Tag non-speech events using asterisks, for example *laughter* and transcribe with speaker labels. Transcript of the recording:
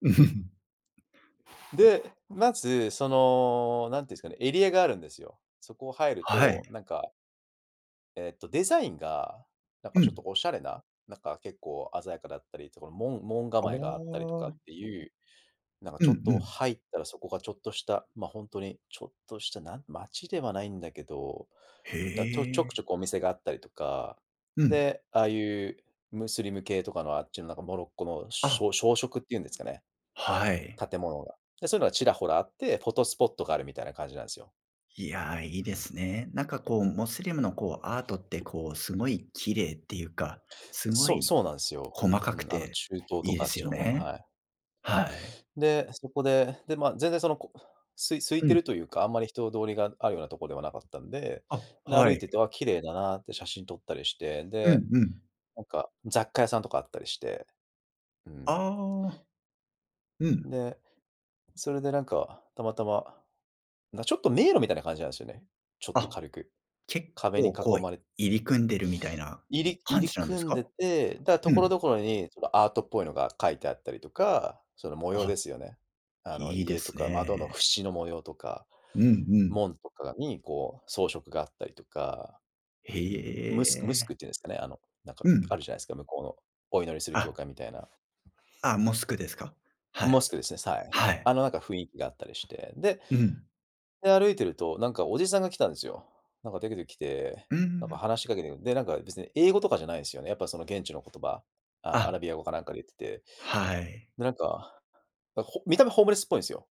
Speaker 1: *chuckles*
Speaker 2: で、まず、その、何て言うんすかね、エリアがあるんですよ。そこを入る
Speaker 1: はい。
Speaker 2: と、なんかえっと、デザインが、なんか
Speaker 1: う
Speaker 2: ちょっと
Speaker 1: ん。
Speaker 2: おしゃれな、なんか結構鮮やかだったりとか、もん門
Speaker 1: あ
Speaker 2: 構えがあったりとかっ
Speaker 1: あ。
Speaker 2: ていう、なんか
Speaker 1: う
Speaker 2: ち
Speaker 1: ん
Speaker 2: ょっ
Speaker 1: う
Speaker 2: と
Speaker 1: ん。
Speaker 2: 入ったらそこがちょっとした、ま、ほんとにちょっとした、な、街ではないんだけど、だ、と、ちょ
Speaker 1: へ
Speaker 2: くち
Speaker 1: え。
Speaker 2: ょこお店があったりとか、
Speaker 1: うん。
Speaker 2: で、ああいうムスリム系とかのあっちのなんかモロッコのし
Speaker 1: あ。
Speaker 2: ょしょうしょくっていうんですかね？
Speaker 1: はい。
Speaker 2: 建物が、で、そういうのがちらほらあって、フォトスポットがあるみたいな感じなんすよ。
Speaker 1: いや、いい
Speaker 2: う
Speaker 1: で
Speaker 2: ん。
Speaker 1: すね。なんかこう、モスリムのこう、アートってこう、すごい綺麗っていうか、すご
Speaker 2: そう、
Speaker 1: い
Speaker 2: そうなんすよ。
Speaker 1: 細
Speaker 2: う
Speaker 1: かく
Speaker 2: ん、あの
Speaker 1: て
Speaker 2: 中東
Speaker 1: い
Speaker 2: と
Speaker 1: いで
Speaker 2: かあっ
Speaker 1: す
Speaker 2: ち
Speaker 1: よ
Speaker 2: の方の、
Speaker 1: ね。
Speaker 2: はい。
Speaker 1: はい。
Speaker 2: で、そこで、で、まあ、全然その、こう、すい空い
Speaker 1: う
Speaker 2: て
Speaker 1: ん。
Speaker 2: るというか、あんまり人通りがあるようなとこではなかったんで、
Speaker 1: あ、
Speaker 2: で、歩
Speaker 1: は
Speaker 2: い
Speaker 1: い。
Speaker 2: てて、あ、綺麗だなって写真撮ったりして、
Speaker 1: う
Speaker 2: で、
Speaker 1: んうん。
Speaker 2: なんか、雑貨屋さんとかあったりして。うん。
Speaker 1: ああ。うん。
Speaker 2: で、それでなんか、たまたま、な、ちょっと迷路みたいな感じなんすよね。ちょっと
Speaker 1: あ、
Speaker 2: 軽く
Speaker 1: 結
Speaker 2: 壁に囲
Speaker 1: 構こう、
Speaker 2: まれ
Speaker 1: 入り組んでるみたいな
Speaker 2: 入り入
Speaker 1: 感
Speaker 2: り
Speaker 1: じなんです
Speaker 2: 組ん
Speaker 1: か？
Speaker 2: でて、だ、
Speaker 1: う
Speaker 2: 所
Speaker 1: ん。
Speaker 2: 々にそのアートっぽいのが描いてあったりとか、その模
Speaker 1: あ、
Speaker 2: 様
Speaker 1: は
Speaker 2: ですよね。あの、
Speaker 1: い。いいで
Speaker 2: 家と
Speaker 1: す
Speaker 2: か
Speaker 1: ね。
Speaker 2: 窓のふしの模様とか、
Speaker 1: うんうん。
Speaker 2: 門とかにこう装飾があったりとか、
Speaker 1: へ
Speaker 2: うー
Speaker 1: い、
Speaker 2: ん、ムスクム
Speaker 1: え
Speaker 2: スク
Speaker 1: え。
Speaker 2: っていうんすかね。あの、なん
Speaker 1: う
Speaker 2: かあ
Speaker 1: ん。
Speaker 2: るじゃないすか、向こうのお祈りする教
Speaker 1: あ。
Speaker 2: 会みたいな。
Speaker 1: あ、モスクですか？はい。
Speaker 2: モスクですね、さい。
Speaker 1: はい。
Speaker 2: あの、なんか雰囲気があったりして、で
Speaker 1: ふふん。
Speaker 2: で、歩いてると、なんかおじさんが来たんすよ。なんか、でけで来て、
Speaker 1: うー
Speaker 2: なんか
Speaker 1: ん。
Speaker 2: 話しかけてう、で、なんか別に英語とかじゃないんすよね。やっぱその現地の言葉、あ、ア
Speaker 1: あ。
Speaker 2: ラビア語かなんかで言ってて。
Speaker 1: はい。
Speaker 2: で、なんか、だ、ほ見た目ホームレスっぽいんすよ。